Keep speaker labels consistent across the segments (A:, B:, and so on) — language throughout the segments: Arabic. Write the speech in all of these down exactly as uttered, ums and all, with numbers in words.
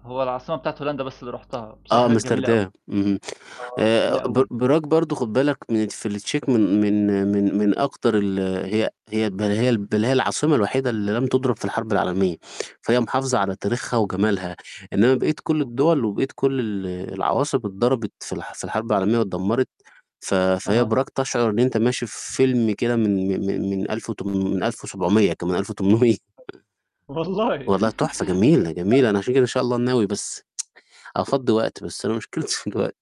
A: هو العاصمة بتاعة هولندا بس اللي رُحتها،
B: آه،
A: بصراحة كانت جميلة أوي.
B: أمستردام، اهم،
A: آه،
B: آآ،
A: جميلة
B: ب
A: أوي.
B: براج برضه خُد بالك من في التشيك من من من من أكتر ال هي هي بَل هي بَل هي العاصمة الوحيدة اللي لم تضرب في الحرب العالمية، فهي محافظة على تاريخها وجمالها، إنّما بقية كل الدول
A: [unintelligible]
B: وبقية كل ال العواصم اتضربت في الح في الحرب العالمية واتدمّرت ف فهي
A: أها.
B: براج تشعُر إن أنت ماشي في فيلم كده من م م من ألف وتمنم من ألف وسبعمية كمان ألف وتمنمية.
A: [unintelligible] والله
B: والله تحفة جميلة،
A: [unintelligible]
B: جميلة أنا عشان كده إن شاء الله ناوي بس أفضّي وقت بس أنا مشكلتي في الوقت.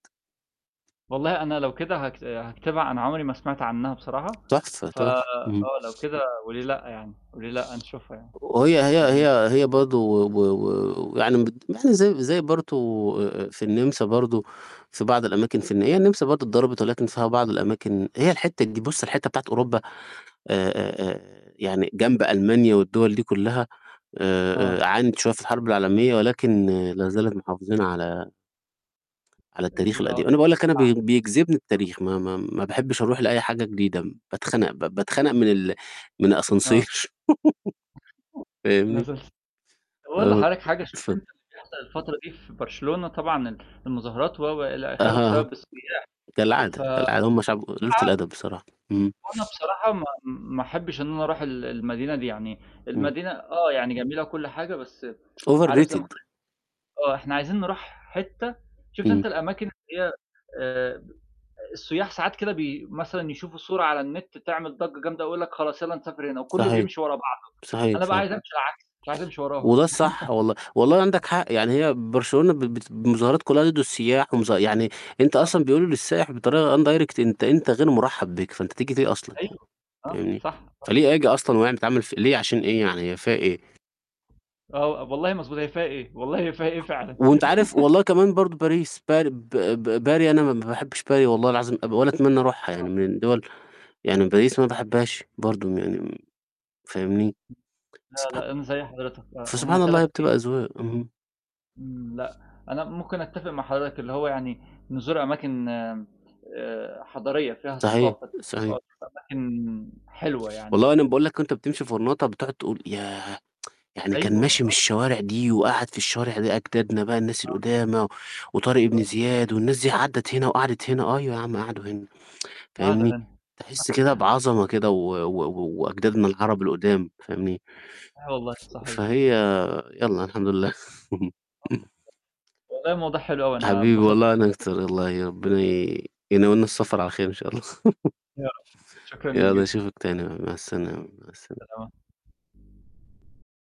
A: والله أنا لو كده هاكس هاكتبها أنا عُمري ما سمعت عنّها بصراحة
B: تحفة،
A: ف
B: تحفة. اهم.
A: آه، لو كده وليه لأ، يعني، وليه لأ، نشوفها يعني
B: وهي
A: وليه
B: هي
A: لأ؟
B: هي هي برضه و و يعني بد يعني زي زي برته آآ، آآ، في النِمسا برضه في بعض الأماكن في الن هي النِمسا برضه اتضربت ولكن فيها بعض الأماكن هي الحتّة ج بُصّ الحتّة بتاعة أوروبا آآ، آآ، آآ، يعني جنب ألمانيا والدوَل دي كلّها آآ، آآ،
A: آه.
B: عانت شوية في الحرب العالمية ولكن لا زالت محافظين على على التاريخ
A: ال [unintelligible]
B: القديم، أنا باقول لك أنا بي بيجذبني
A: آه.
B: التاريخ، ما ما ما باحبش أروح لأي حاجة جديدة م باتخنق، ب باتخنق من ال من
A: آه.
B: الأسانسير.
A: [unintelligible]
B: فاهمني،
A: طَب أقول
B: آه،
A: حضرتك حاجة عشان
B: ف
A: تنسى اللي بيحصل الفترة دي، في برشلونة طبعًا ال المظاهرات و، و، إلى آخِره
B: أها،
A: بسبب السُياح ف
B: كالعادة، كالعادة هم شعب قُلالات
A: [unintelligible]
B: الأدب بصراحة، إمم.
A: وأنا بصراحة ما ما أحبش إن أنا أروح ال المدينة دي يعني،
B: إمم.
A: المدينة آه، يعني جميلة وكل حاجة بس عارف زي ما
B: overrated.
A: آه، إحنا عايزين نروح حتّة شُفت
B: إمم.
A: أنت الأماكن اللي هي آآ، السُياح ساعات كده بي مثلًا يشوفوا صورة على النت تعمل ضجّة جامدة، يقول لك خلاص يالّا نسافر هنا وكلّه
B: صحيح،
A: بيمشي ورا بعضه،
B: صحيح،
A: أنا بقى
B: صحيح.
A: عايز أمشي العكس مش عايز أمشي وراهم.
B: وده الصح والله، والله وعندك
A: آه.
B: حق يعني هي برشلونة ب بت ب مظاهرات كلّها ضِد السُياح ومظا يعني أنت
A: آه.
B: أصلًا بيقولوا للسائِح بطريقة undirect أنت أنت غير مرحب بك، فأنت تيجي ليه أصلًا،
A: أيوه، آه،
B: فاهمني،
A: صح، طب
B: فليه آجي أصلًا ويع بتعمل ف ليه عشان إيه يعني هي فيها إيه؟!
A: آه، أب والله مضبوط هي فيها إيه، والله هي فيها إيه فعلًا؟
B: وأنت عارف والله كمان برضه باريس بار ب ب باري أنا ما باحبش باري والله العظيم أب ولا أتمنّى أروحها، يعني
A: آه.
B: من الدوَل يعني باريس أنا ما باحبهاش برضه م يعني م فاهمني،
A: لأ،
B: سبحا
A: لأ، [unintelligible] زي حضرتك أ هم
B: فسبحان الله هي
A: تلات.
B: بتبقى
A: [unintelligible]
B: أذواق، اهم.
A: إمم، لأ، أنا ممكن أتفق مع حضرتك اللي هو يعني، نزور أماكن آآ، حضارية فيها
B: صحيح،
A: ثقافة آه،
B: صحيح.
A: نشوف أماكن حلوة
B: والله
A: يعني.
B: وأنا باقول لك وأنت بتمشي غرناطة بتقعُد تقول ياه! يعني كان
A: أيوه،
B: ماشي من
A: آه.
B: الشوارع دي وقعد في الشوارع دي أجدادنا بقى الناس
A: آه.
B: القُدامى، وطارق ابن
A: أيوه.
B: زياد والناس دي عدّت هنا وقعدت هنا، أيوه، يا عَم قعدوا هنا
A: قاعدة
B: فاهمني،
A: هنا. [unintelligible]
B: تحس كده بعظمة كده، و و و وأجدادنا العرب القدام فاهمني،
A: آه والله
B: ف
A: صحيح.
B: فهي يالّا الحمد لله.
A: [unintelligible] والله الموضوع حلو أوي أنا
B: حبيبي
A: اتبسطت
B: والله
A: مع
B: أنا
A: حضر
B: أكتر والله ربنا ي يناولني السفر على خير إن شاء الله.
A: يا رب شكرًا ليك
B: يالّا
A: جدًا.
B: أشوفك تاني بقى مع السلامة، مع السلا
A: [unintelligible]